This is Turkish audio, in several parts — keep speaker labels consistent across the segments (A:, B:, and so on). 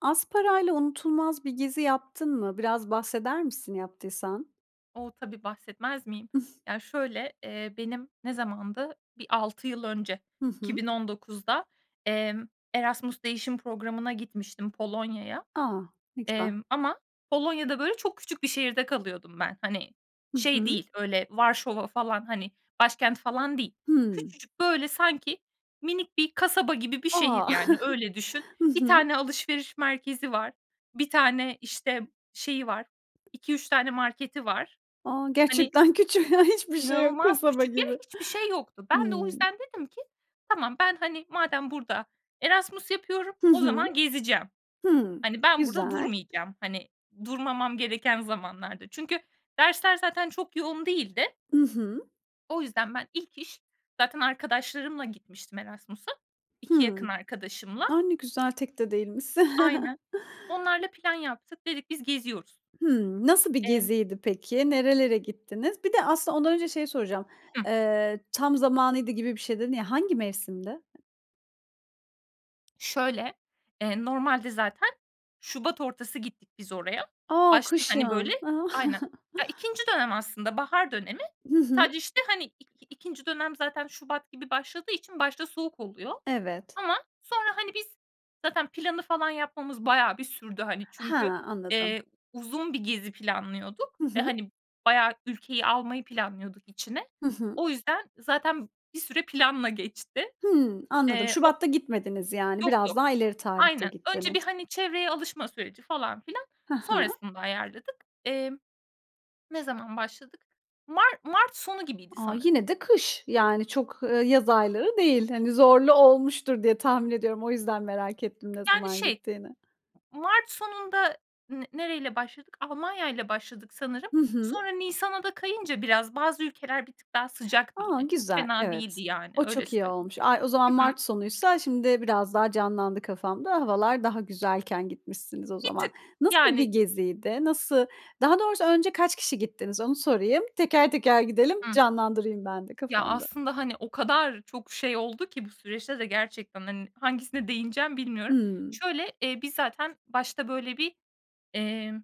A: Az parayla unutulmaz bir gezi yaptın mı? Biraz bahseder misin yaptıysan?
B: O! Tabii, bahsetmez miyim? Ya, şöyle, eee, benim ne zamandı, bir 6 yıl önce
A: Hı
B: iki
A: hı.
B: bin on dokuzda emm, Erasmus Değişim Programı'na gitmiştim Polonya'ya.
A: A! Ne güzel.
B: Emm, ama Polonya'da, böyle, çok küçük bir şehirde kalıyordum ben. Hani,
A: Hı
B: şey
A: hı.
B: değil, öyle Varşova falan, hani, başkent falan değil.
A: Hımm.
B: Küçücük, böyle, sanki minik bir kasaba gibi bir şehir,
A: A!
B: yani, öyle düşün.
A: Hı
B: 1
A: hı.
B: tane alışveriş merkezi var. 1 tane, işte, şeyi var, 2-3 tane marketi var.
A: A!
B: Hani
A: Gerçekten küçük. Hiçbir şey yok.
B: İnanılmaz
A: Kasaba
B: küçük yer.
A: gibi.
B: Hiçbir şey yoktu. Ben de o
A: Hımm.
B: yüzden dedim ki: "Tamam, ben, hani, madem burada Erasmus yapıyorum,
A: Hı
B: o
A: hı.
B: zaman gezeceğim.
A: Hıı,
B: Hani, ben burada
A: güzel.
B: durmayacağım, hani, durmamam gereken zamanlarda." Çünkü dersler zaten çok yoğun değildi.
A: I hı.
B: O yüzden ben ilk iş, zaten arkadaşlarımla gitmiştim Erasmus'a, 2 yakın
A: Hıı.
B: arkadaşımla.
A: A! Ne güzel, tek de değilmişsin.
B: Aynen. Onlarla plan yaptık. Dedik, biz geziyoruz.
A: Hımm, nasıl bir
B: Emm
A: geziydi peki? Nerelere gittiniz? Bir de aslında ondan önce şeyi soracağım,
B: Hı.
A: eee, tam zamanıydı gibi bir şey dedin ya, hangi mevsimdi?
B: Şöyle, eee, normalde zaten şubat ortası gittik biz oraya.
A: A,
B: Başta, hani, böyle
A: kışın. A!
B: Aynen. Ya, 2'nci dönem aslında, bahar dönemi.
A: Hı hı.
B: Sadece, işte, hani, i ikinci dönem zaten şubat gibi başladığı için başta soğuk oluyor.
A: Evet.
B: Ama sonra, hani, biz zaten planı falan yapmamız bayağı bir sürdü, hani, çünkü,
A: Ha, anladım.
B: eee, uzun bir gezi planlıyorduk.
A: Hı
B: Ve,
A: hı.
B: hani, bayağı ülkeyi almayı planlıyorduk içine.
A: Hı hı.
B: O yüzden zaten bir süre planla geçti.
A: Hıı, anladım,
B: Eee, o
A: şubatta gitmediniz, yani.
B: Yok,
A: Biraz
B: yok.
A: daha ileri tarihte
B: Aynen. Önce bir,
A: gittiniz.
B: hani, çevreye alışma süreci falan filan,
A: Hı hı.
B: sonrasında ayarladık. Emm, ne zaman başladık? Mar mart sonu gibiydi
A: A,
B: sanırım.
A: yine de kış. Yani, çok, ııı, yaz ayları değil, hani, zorlu olmuştur diye tahmin ediyorum. O yüzden merak ettim ne
B: Yani,
A: zaman
B: şey
A: gittiğini.
B: mart sonunda n nereyle başladık? Almanya ile başladık sanırım,
A: Hı hı.
B: sonra nisana da kayınca biraz, bazı ülkeler bir tık daha sıcaktı
A: A,
B: yine çok
A: güzel,
B: fena değildi,
A: evet.
B: yani,
A: O
B: öyle
A: çok iyi
B: söyleyeyim.
A: olmuş. Ay o zaman
B: Hı hı.
A: mart sonuysa şimdi biraz daha canlandı kafamda, havalar daha güzelken gitmişsiniz o
B: Bir
A: zaman.
B: tık.
A: Nasıl bir
B: Yani
A: geziydi? Nası Daha doğrusu önce kaç kişi gittiniz onu sorayım? Teker teker gidelim,
B: Hı.
A: canlandırayım ben de
B: Ya,
A: kafamda.
B: aslında, hani, o kadar çok şey oldu ki bu süreçte de gerçekten, hani, hangisine değineceğim bilmiyorum.
A: Hıı.
B: Şöyle, eee, biz zaten başta böyle bir, eee,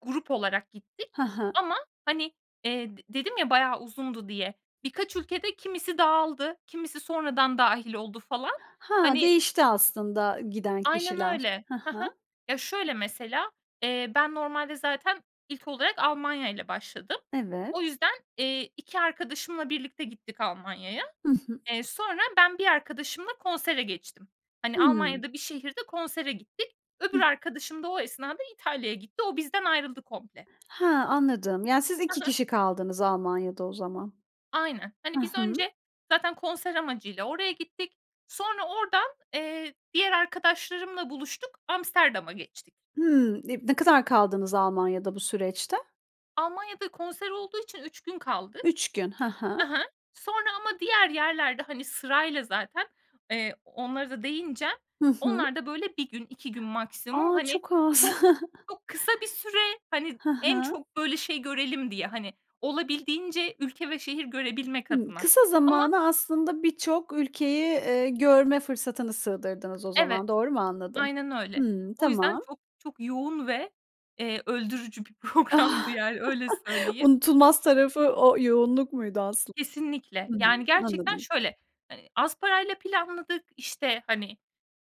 B: grup olarak gittik.
A: Hı hı.
B: Ama, hani, eee, d dedim ya bayağı uzundu diye, birkaç ülkede kimisi dağıldı, kimisi sonradan dâhil oldu falan,
A: Ha,
B: hani
A: değişti aslında giden
B: Aynen
A: kişiler,
B: öyle.
A: hı
B: Hı hı.
A: hı.
B: Ya, şöyle mesela, eee, ben normalde zaten ilk olarak Almanya'yla başladım.
A: Evet.
B: O yüzden, eee, 2 arkadaşımla birlikte gittik Almanya'ya.
A: Hı hı.
B: Eee, sonra ben bir arkadaşımla konsere geçtim. Hani,
A: Hıı.
B: Almanya'da bir şehirde konsere gittik. Öbür
A: Hıh.
B: arkadaşım da o esnada İtalya'ya gitti. O, bizden ayrıldı komple.
A: Ha, anladım. Ya, siz 2
B: Hı hı.
A: kişi kaldınız Almanya'da o zaman.
B: Aynen.
A: Hı
B: Hani, biz
A: hı.
B: önce zaten konser amacı ile oraya gittik. Sonra oradan, eee, diğer arkadaşlarımla buluştuk, Amsterdam'a geçtik.
A: Hıı. E Ne kadar kaldınız Almanya'da bu süreçte?
B: Almanya'da konser olduğu için 3 gün kaldık.
A: 3 gün, hı hı.
B: Hı hı. Sonra ama diğer yerlerde, hani, sırayla zaten, eee -onlara da değineceğim
A: Hı hı.
B: onlar da böyle 1 gün, 2 gün maksimum,
A: A,
B: hani,
A: çok az.
B: çok çok kısa bir süre, hani,
A: Hı
B: en
A: hı.
B: çok böyle şey görelim diye, hani, olabildiğince ülke ve şehir görebilmek
A: Hıı.
B: adına.
A: Kısa
B: Ama
A: zamana aslında birçok ülkeyi, eee, görme fırsatını sığdırdınız o
B: Evet.
A: zaman, doğru mu anladım?
B: Aynen öyle.
A: Hıı,
B: O yüzden
A: tamam.
B: çok çok yoğun ve, eee, öldürücü bir programdı, yani, öyle söyleyeyim.
A: Unutulmaz tarafı o yoğunluk muydu aslın
B: Kesinlikle,
A: Hı,
B: yani, gerçekten
A: anladım.
B: şöyle; hani, az parayla planladık, işte, hani,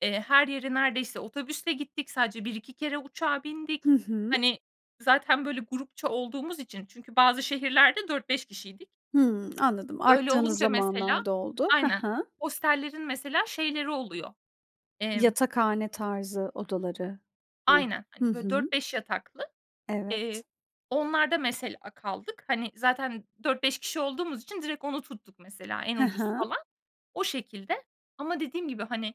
B: eee, her yere neredeyse otobüsle gittik, sadece 1-2 kere uçağa
A: Hı
B: bindik.
A: hı.
B: Hani, zaten böyle grupça olduğumuz için. Çünkü bazı şehirlerde 4-5 kişiydik.
A: Hıı, anladım,
B: Öyle
A: arttığınız
B: olunca mesela
A: zamanlarda oldu.
B: Aynen,
A: Hı hı.
B: hostellerin mesela şeyleri oluyor; emm
A: Yatakhane tarzı odaları mı?
B: Aynen,
A: Hı
B: hani, böyle dört
A: hı.
B: beş yataklı, eee,
A: Evet.
B: onlarda mesela kaldık. Hani, zaten 4-5 kişi olduğumuz için direkt onu tuttuk mesela en
A: Hı
B: ucuz
A: hı.
B: falan, o şekilde. Ama dediğim gibi, hani,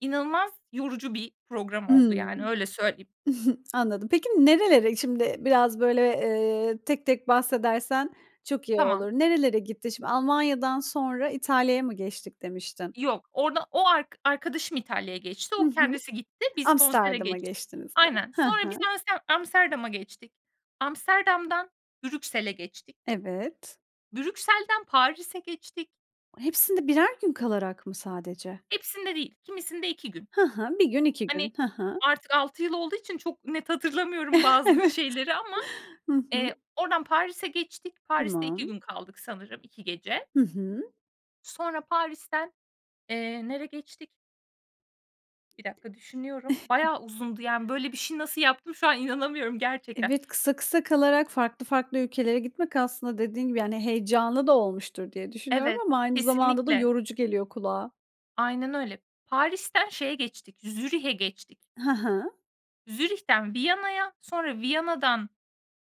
B: inanılmaz yorucu bir program oldu,
A: Hıı,
B: yani, öyle söyleyeyim.
A: anladım. Peki, nerelere şimdi biraz, böyle, eee, tek tek bahsedersen çok iyi
B: Tamam.
A: olur. Nerelere gittin şimdi? Almanya'dan sonra İtalya'ya mı geçtik demiştin?
B: Yok. Orada o ark arkadaşım İtalya'ya geçti.
A: Hı
B: O,
A: hı.
B: kendisi gitti. Biz konsere
A: Amsterdam'a
B: geçtik.
A: geçtiniz ya.
B: Aynen.
A: Hı
B: Sonra biz
A: hı.
B: amste Amsterdam'a geçtik. Amsterdam'dan Brüksel'e geçtik.
A: Evet.
B: Brüksel'den Paris'e geçtik.
A: Hepsinde birer gün kalarak mı sadece?
B: Hepsinde değil. Kimisinde 2 gün.
A: Hı hı, 1 gün, 2
B: Hani,
A: gün. Hı hı.
B: artık 6 yıl olduğu için çok net hatırlamıyorum bazı
A: Evet.
B: şeyleri ama,
A: Hı hı.
B: eee, oradan Paris'e geçtik. Paris'te 2
A: Tamam.
B: gün kaldık sanırım, 2 gece.
A: Hı hı.
B: Sonra Paris'ten, eee, nereye geçtik? 1 dakika. Düşünüyorum. Bayağı uzundu, yani, böyle bir şeyi nasıl yaptım şu an inanamıyorum gerçekten.
A: Evet, kısa kısa kalarak farklı farklı ülkelere gitmek aslında dediğin gibi, yani, heyecanlı da olmuştur diye düşünüyorum
B: Evet,
A: ama aynı zamanda da
B: kesinlikle.
A: yorucu geliyor kulağa.
B: Aynen öyle. Paris'ten şeye geçtik, Zürih'e geçtik.
A: Hı hı.
B: Zürih'ten Viyana'ya, sonra Viyana'dan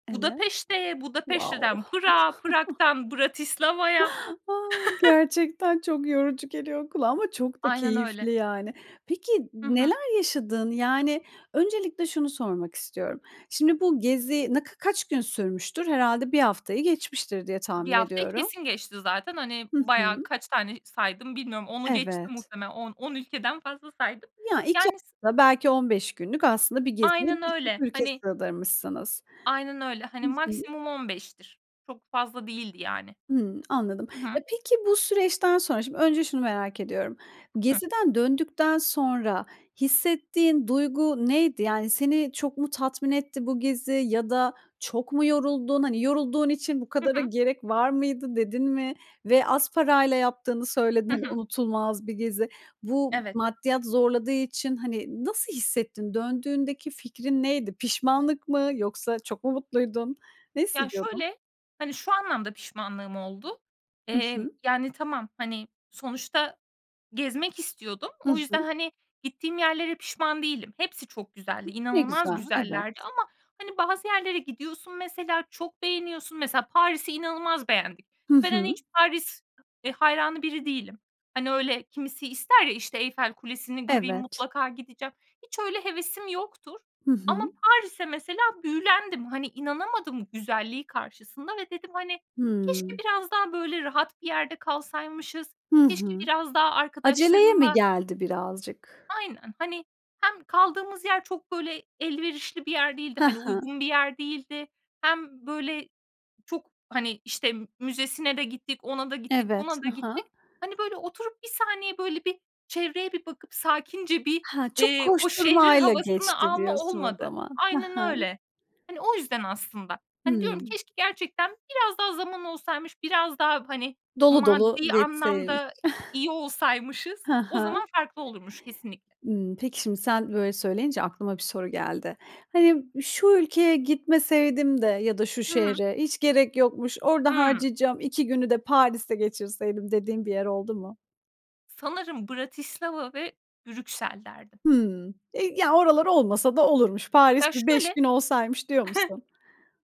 A: Evet.
B: Budapeşte'ye,
A: Wow!
B: Budapeşte'den Prag'a, Prag'tan Bratislava'ya.
A: A! Gerçekten çok yorucu geliyor kulağa ama çok da
B: Aynen öyle.
A: keyifli, yani. Peki
B: I hı.
A: neler yaşadın? Yani, öncelikle şunu sormak istiyorum. Şimdi bu gezi ne ka kaç gün sürmüştür? Herhâlde 1 haftayı geçmiştir diye
B: 1
A: tahmin
B: haftayı
A: ediyorum.
B: kesin geçti zaten. Hani,
A: Hı
B: bayağı
A: hı.
B: kaç tane saydım bilmiyorum, 10'u geçti
A: Evet.
B: muhtemelen. On on ülkeden fazla saydım.
A: Ya, 2
B: Yani, s
A: hafta, belki 15 günlük. Aslında bir geziye
B: Aynen
A: birçok
B: öyle,
A: ülke
B: hani
A: sığdırmışsınız.
B: Aynen öyle.
A: I
B: Hani,
A: hı.
B: maksimum 15'tir Çok fazla değildi, yani.
A: Hımm, anladım.
B: I
A: E,
B: hı.
A: peki bu süreçten sonra, şimdi önce şunu merak ediyorum.
B: Hıh.
A: Geziden döndükten sonra hissettiğin duygu neydi? Yani, seni çok mu tatmin etti bu gezi ya da çok mu yoruldun? Hani, yorulduğun için bu
B: Hı
A: kadara
B: hı.
A: gerek var mıydı dedin mi? Ve az parayla yaptığını söyledin.
B: Hı
A: Hani,
B: hı.
A: unutulmaz bir gezi. Bu
B: Evet.
A: maddiyat zorladığı için, hani, nasıl hissettin? Döndüğündeki fikrin neydi? Pişmanlık mı, yoksa çok mu mutluydun? Ne
B: Ya,
A: hissediyordun?
B: şöyle, hani, şu anlamda pişmanlığım oldu.
A: I
B: Eee,
A: hı.
B: yani, tamam, hani, sonuçta gezmek istiyordum.
A: Hı
B: O
A: hı.
B: yüzden, hani, gittiğim yerlere pişman değilim. Hepsi çok güzeldi.
A: Ne
B: İnanılmaz
A: güzel, evet.
B: güzellerdi ama, hani, bazı yerlere gidiyorsun mesela çok beğeniyorsun. Mesela, Paris'i inanılmaz beğendik
A: Hı
B: ve ben, hani,
A: hı.
B: hiç Paris, eee, hayranı biri değilim. Hani, öyle kimisi ister ya, işte, Eyfel Kulesi'ni göreyim,
A: Evet.
B: mutlaka gideceğim. Hiç öyle hevesim yoktur.
A: Hı
B: Ama
A: hı.
B: Paris'e mesela büyülendim. Hani, inanamadım güzelliği karşısında ve dedim, hani, keşke
A: Hıı.
B: biraz daha, böyle, rahat bir yerde kalsaymışız.
A: Hı
B: Keşke
A: hı.
B: biraz daha
A: Aceleye mi
B: arkadaşlarımla
A: geldi birazcık?
B: Aynen. Hani, hem kaldığımız yer çok, böyle, elverişli bir yer değildi,
A: Hı
B: hani,
A: hı.
B: uygun bir yer değildi. Hem, böyle, çok, hani, işte, müzesine de gittik, ona da gittik,
A: Evet,
B: buna da
A: hı
B: gittik.
A: hı.
B: Hani, böyle, oturup bir saniye böyle bir çevreye bir bakıp sakince bir,
A: Ha, çok
B: eee, o şehrin
A: koşturmayla
B: havasını
A: geçti
B: alma
A: diyorsun o
B: olmadı.
A: zaman. Hı
B: Aynen
A: hı.
B: öyle. Hani, o yüzden aslında. Hani, diyorum
A: Hıı.
B: keşke gerçekten biraz daha zaman olsaymış, biraz daha, hani,
A: Dolu dolu
B: maddi
A: yetseymiş.
B: anlamda iyi olsaymışız.
A: Hı
B: O
A: hı.
B: zaman farklı olurmuş kesinlikle.
A: Imm, peki şimdi sen böyle söyleyince aklıma bir soru geldi. Hani, şu ülkeye gitmeseydim de ya da şu
B: Hı hı.
A: şehre. Hiç gerek yokmuş. Orada
B: Hıı.
A: harcayacağım 2 günü de Paris'te geçirseydim, dediğin bir yer oldu mu?
B: Sanırım Bratislava ve Brüksel derdim.
A: Hımm. E, ya, oralar olmasa da olurmuş.
B: Ya
A: Paris bir 5
B: şöyle
A: gün olsaymış diyor musun?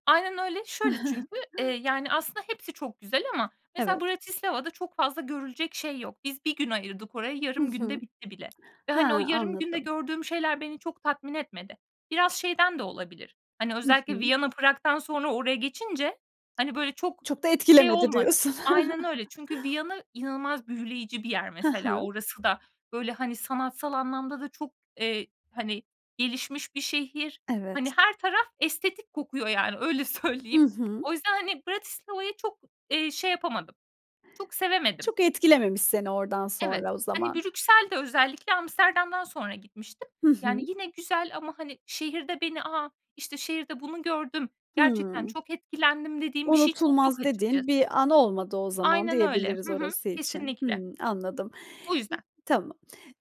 B: Aynen öyle. Şöyle çünkü, eee, yani, aslında hepsi çok güzel ama mesela
A: Evet.
B: Bratislava'da çok fazla görülecek şey yok. Biz 1 gün ayırdık oraya.
A: Hı
B: Yarım
A: hı.
B: günde bitti bile ve,
A: Ha,
B: hani, o yarım günde
A: anladım.
B: gördüğüm şeyler beni çok tatmin etmedi. Biraz şeyden de olabilir. Hani,
A: Hı
B: özellikle
A: hı.
B: Viyana, Prag'dan sonra oraya geçince, hani, böyle, çok
A: Çok da
B: şey
A: etkilemedi
B: olmadı.
A: diyorsun.
B: Aynen öyle. Çünkü Viyana inanılmaz büyüleyici bir yer
A: Hı
B: mesela.
A: hı.
B: Orası da, böyle, hani, sanatsal anlamda da çok, eee, hani, gelişmiş bir şehir. Hani,
A: Evet.
B: her taraf estetik kokuyor, yani, öyle
A: Hı
B: söyleyeyim.
A: hı.
B: O yüzden, hani, Bratislava'yı çok, eee, şey yapamadım, çok sevemedim.
A: Çok etkilememiş seni oradan
B: Evet.
A: sonra o
B: Hani,
A: zaman.
B: Brüksel de özellikle Amsterdam'dan sonra gitmiştim.
A: Hı
B: Yani,
A: hı.
B: yine güzel ama, hani, şehirde beni A! İşte, şehirde bunu gördüm, gerçekten
A: Hıı.
B: çok etkilendim dediğim bir şey çok yok
A: Unutulmaz dediğin
B: açıkçası.
A: bir an olmadı o zaman
B: Aynen öyle,
A: diyebiliriz
B: hı hı.
A: orası için.
B: Kesinlikle.
A: Hımm, anladım.
B: Bu yüzden.
A: Tamam.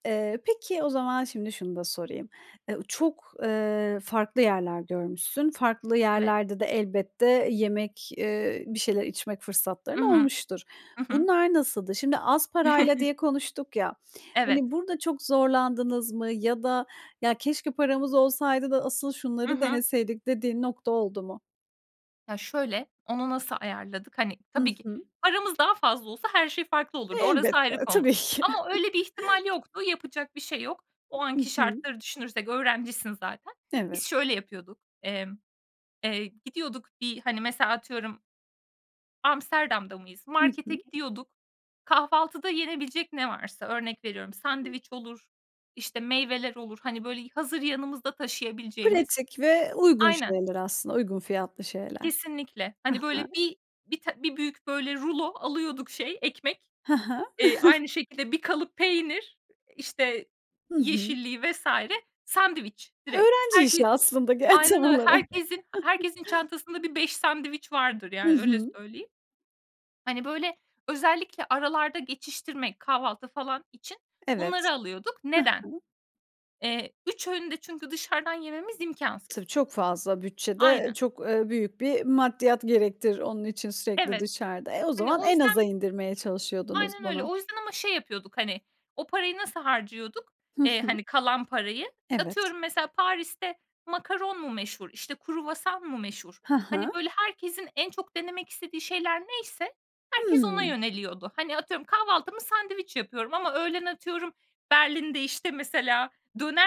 A: Eee, peki o zaman şimdi şunu da sorayım. Eee, çok, eee, farklı yerler görmüşsün, farklı
B: Evet.
A: yerlerde de elbette yemek, eee bir şeyler içmek
B: I
A: fırsatların
B: hı.
A: olmuştur.
B: Hı hı.
A: Bunlar nasıldı? Şimdi az parayla diye konuştuk ya,
B: Evet.
A: hani, burada çok zorlandınız mı ya da ya keşke paramız olsaydı da asıl
B: I
A: şunları
B: hı.
A: deneseydik dediğin nokta oldu mu?
B: Ya, şöyle, onu nasıl ayarladık? Hani,
A: Hı
B: tabii ki
A: hı.
B: paramız daha fazla olsa her şey farklı
A: E
B: olurdu orası
A: elbette,
B: ayrı konu.
A: tabii ki.
B: Ama öyle bir ihtimal yoktu. Yapacak bir şey yok. O
A: I
B: anki
A: hı.
B: şartları düşünürsek öğrencisin zaten. Biz
A: Evet.
B: şöyle yapıyorduk. Emm, eee, gidiyorduk bir, hani, mesela atıyorum Amsterdam'da mıyız?
A: Hı
B: Markete
A: hı.
B: gidiyorduk. Kahvaltıda yenebilecek ne varsa, örnek veriyorum, sandviç olur, işte, meyveler olur, hani, böyle, hazır yanımızda taşıyabileceğimiz
A: Pratik ve uygun
B: Aynen.
A: şeyler aslında, uygun fiyatlı şeyler.
B: Kesinlikle.
A: Hı
B: Hani,
A: hı.
B: böyle, bir bir ta bir büyük, böyle, rulo alıyorduk şey, ekmek,
A: Hı hı.
B: eee, aynı şekilde bir kalıp peynir, işte,
A: Hı hı.
B: yeşilliği vs. sandviç direkt.
A: Öğrenci işi
B: Herkes
A: aslında ge
B: Aynen
A: tam
B: öyle.
A: olarak.
B: Herkesin herkesin çantasında bir 5 sandviç vardır,
A: Hı
B: yani, öyle
A: hı.
B: söyleyeyim. Hani, böyle, özellikle aralarda geçiştirmek, kahvaltı falan için
A: Evet,
B: bunları alıyorduk.
A: hı
B: Neden?
A: hı.
B: Eee, 3 öğünü de çünkü dışarıdan yememiz imkânsız.
A: Tabii, çok fazla bütçede.
B: Aynen.
A: Çok, eee, büyük bir maddiyat gerektirir onun için sürekli
B: Evet,
A: dışarıda. E, o
B: hani,
A: zaman
B: o
A: en aza
B: yüzden
A: indirmeye çalışıyordunuz
B: Aynen öyle.
A: bunu.
B: O yüzden ama şey yapıyorduk, hani, o parayı nasıl harcıyorduk,
A: Hı
B: eee,
A: hı.
B: hani, kalan parayı?
A: Evet.
B: Atıyorum mesela Paris'te makaron mu meşhur, işte, kruvasan mı meşhur,
A: Hı
B: hani,
A: hı.
B: böyle, herkesin en çok denemek istediği şeyler neyse herkes ona
A: Hımm.
B: yöneliyordu. Hani, atıyorum kahvaltımı sandviç yapıyorum ama öğlen atıyorum Berlin'de, işte, mesela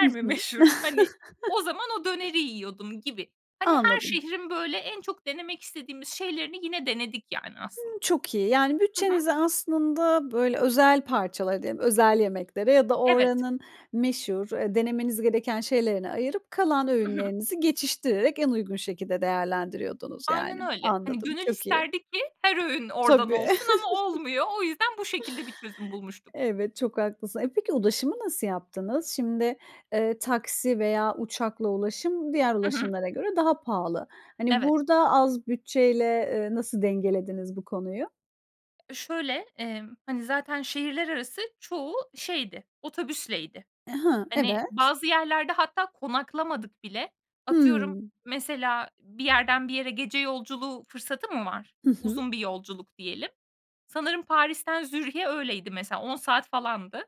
A: Hı
B: mi
A: hı.
B: meşhur? Hani, o zaman o döneri yiyordum gibi. Hani, her
A: Anladım.
B: şehrin, böyle, en çok denemek istediğimiz şeylerini yine denedik, yani, aslın
A: Imm, çok iyi. Yani,
B: Hı hı.
A: bütçenizi aslında, böyle, özel parçalara diyelim, özel yemeklere ya da
B: Evet.
A: oranın meşhur, eee, denemeniz gereken şeylerine ayırıp kalan
B: Hı hı.
A: öğünlerinizi geçiştirerek en uygun şekilde değerlendiriyordunuz,
B: Aynen
A: yani.
B: öyle. Hani,
A: Anladım,
B: gönül
A: çok iyi.
B: isterdi ki her öğün oradan
A: Tabii.
B: olsun ama olmuyor. O yüzden bu şekilde bir çözüm bulmuştuk.
A: Evet, çok haklısın. E, peki ulaşımı nasıl yaptınız? Şimdi, eee, taksi veya uçakla ulaşım diğer
B: I hı.
A: ulaşımlara göre daha pahalı. Hani,
B: Evet.
A: burada az bütçeyle, eee, nasıl dengelediniz bu konuyu?
B: Şöyle, emm, hani, zaten şehirler arası çoğu şeydi, otobüsleydi.
A: Eee, hı,
B: Hani,
A: evet.
B: bazı yerlerde hatta konaklamadık bile. Atıyorum
A: Hımm.
B: mesela bir yerden bir yere gece yolculuğu fırsatı mı var?
A: Hı hı.
B: Uzun bir yolculuk diyelim. Sanırım Paris'ten Zürih'e öyleydi mesela. 10 saat falandı.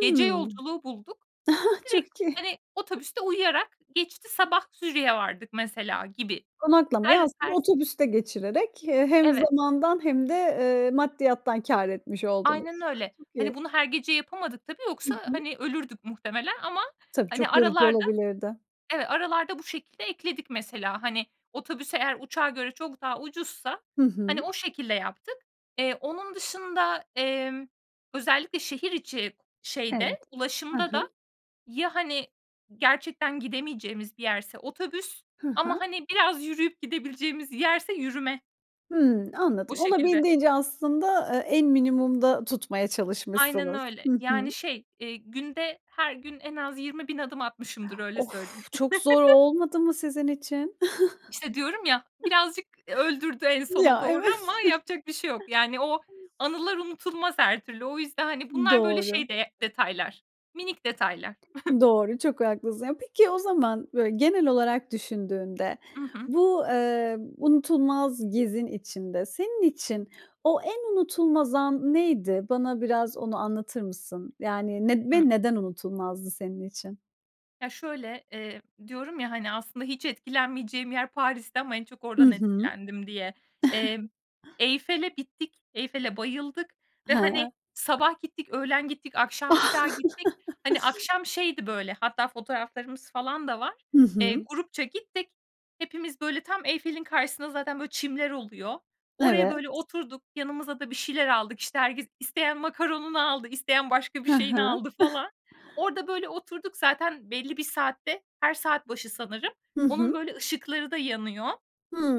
B: Gece yolculuğu bulduk. Direkt,
A: Çok iyi.
B: hani, otobüste uyuyarak geçti, sabah Zürih'e vardık mesela gibi.
A: Konaklamayı
B: Her
A: aslında
B: her s
A: otobüste geçirerek, eee, hem
B: Evet.
A: zamandan hem de, eee, maddiyattan kâr etmiş
B: Aynen
A: oldunuz. Ah,
B: öyle.
A: çok
B: Hani,
A: iyi.
B: bunu her gece yapamadık tabii
A: Hı
B: yoksa,
A: hı.
B: hani, ölürdük muhtemelen ama,
A: Tabii,
B: hani,
A: çok yorucu
B: aralarda
A: olabilirdi.
B: Evet, aralarda bu şekilde ekledik mesela. Hani, otobüs eğer uçağa göre çok daha ucuzsa,
A: Hı
B: hani,
A: hı.
B: o şekilde yaptık. Eee, onun dışında, emm, özellikle şehir içi
A: Evet,
B: şeyde,
A: hı
B: ulaşımda da
A: hı.
B: ya, hani, gerçekten gidemeyeceğimiz bir yerse otobüs
A: Hı
B: ama,
A: hı.
B: hani, biraz yürüyüp gidebileceğimiz yerse yürüme.
A: Hımm,
B: O
A: anladım.
B: şekilde.
A: Olabildiğince aslında, eee, en minimumda tutmaya
B: Aynen
A: çalışmışsınız,
B: öyle,
A: hı
B: yani,
A: hı.
B: şey, eee, günde her gün en az 20.000 adım atmışımdır, öyle söyleyeyim.
A: Of, çok zor olmadı mı sizin için?
B: İşte, diyorum ya, birazcık, eee, öldürdü en sona
A: Ya,
B: doğru
A: evet.
B: ama yapacak bir şey yok. Yani, o anılar unutulmaz her türlü. O yüzden, hani, bunlar, böyle, şey
A: Doğru.
B: değe detaylar, minik detaylar.
A: Doğru, çok haklısın. Ya, peki o zaman, böyle, genel olarak düşündüğünde
B: I hı.
A: bu, eee, unutulmaz gezin içinde senin için o en unutulmaz an neydi? Bana biraz onu anlatır mısın? Yani, ned
B: Hı.
A: ve neden unutulmazdı senin için?
B: Ya, şöyle, eee, diyorum ya, hani, aslında hiç etkilenmeyeceğim yer Paristi ama en çok
A: Hı
B: oradan
A: hı.
B: etkilendim diye. Emm, Eyfel'e bittik, Eyfel'e bayıldık ve, hani,
A: Hıı.
B: sabah gittik, öğlen gittik, akşam bir daha gittik. Hani, akşam şeydi, böyle, hatta fotoğraflarımız falan da var.
A: Hı
B: Eee,
A: hı.
B: grupça gittik. Hepimiz, böyle, tam Eyfel'in karşısında zaten, böyle, çimler oluyor. Oraya,
A: Evet.
B: böyle, oturduk, yanımıza da bir şeyler aldık, işte, herkes, isteyen macaron'unu aldı, isteyen başka bir
A: Hı
B: şeyini
A: hı.
B: aldı falan. Orada, böyle, oturduk. Zaten belli bir saatte, her saat başı sanırım,
A: Hı
B: onun,
A: hı.
B: böyle, ışıkları da yanıyor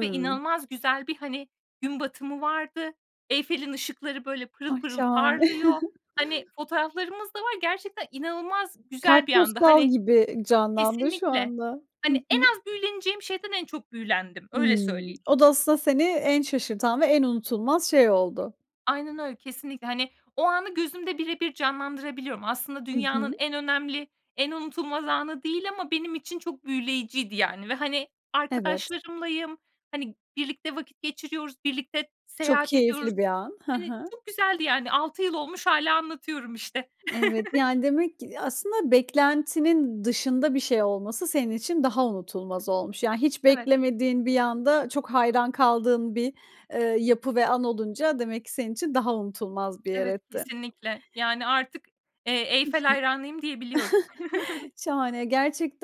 B: ve inanılmaz güzel bir, hani, gün batımı vardı. Eyfel'in ışıkları, böyle, pırıl
A: Ay!
B: pırıl
A: Şahane.
B: parlıyor. Hani, fotoğraflarımız da var. Gerçekten inanılmaz güzel bir andı.
A: Kartpostal
B: Hani
A: gibi, eee, canlandı şu
B: Kesinlikle.
A: anda.
B: Hani,
A: Hı
B: en
A: hı.
B: az büyüleneceğim şeyden en çok büyülendim. Öyle
A: Imm,
B: söyleyeyim.
A: o da aslında seni en şaşırtan ve en unutulmaz şey oldu.
B: Aynen öyle. Kesinlikle. Hani, o anı gözümde birebir canlandırabiliyorum. Aslında
A: I hı.
B: dünyanın en önemli, en unutulmaz anı değil ama benim için çok büyüleyiciydi, yani, ve, hani,
A: Evet.
B: arkadaşlarımlayım, hani, birlikte vakit geçiriyoruz, birlikte
A: Çok
B: seyahat ediyoruz.
A: keyifli bir an, hı
B: Hani,
A: hı.
B: çok güzeldi, yani. 6 yıl olmuş hâlâ anlatıyorum, işte.
A: Evet, yani, demek ki, ya, aslında beklentinin dışında bir şey olması senin için daha unutulmaz olmuş. Yani, hiç
B: Evet.
A: beklemediğin bir anda çok hayran kaldığın bir, eee, yapı ve an olunca demek ki senin için daha unutulmaz bir yer
B: Evet,
A: etti.
B: kesinlikle. Yani, artık, eee,
A: I hı.
B: Eyfel hayranıyım diyebiliyorum.
A: Şahane,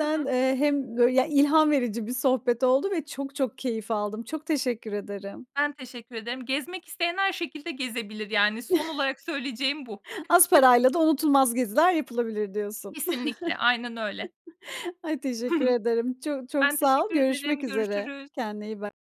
B: Hı hı.
A: eee, hem bö yani, ilham verici bir sohbet oldu ve çok çok keyif aldım, çok teşekkür ederim.
B: Ben teşekkür ederim. Gezmek isteyen her şekilde gezebilir, yani. Son olarak söyleyeceğim bu.
A: Az parayla da unutulmaz geziler yapılabilir diyorsun.
B: Kesinlikle. Aynen öyle.
A: Ay, teşekkür ederim. Ço çok
B: Ben
A: sağ ol.
B: teşekkür
A: Görüşmek
B: ederim.
A: üzere.
B: Görüşürüz.
A: Kendine iyi bak.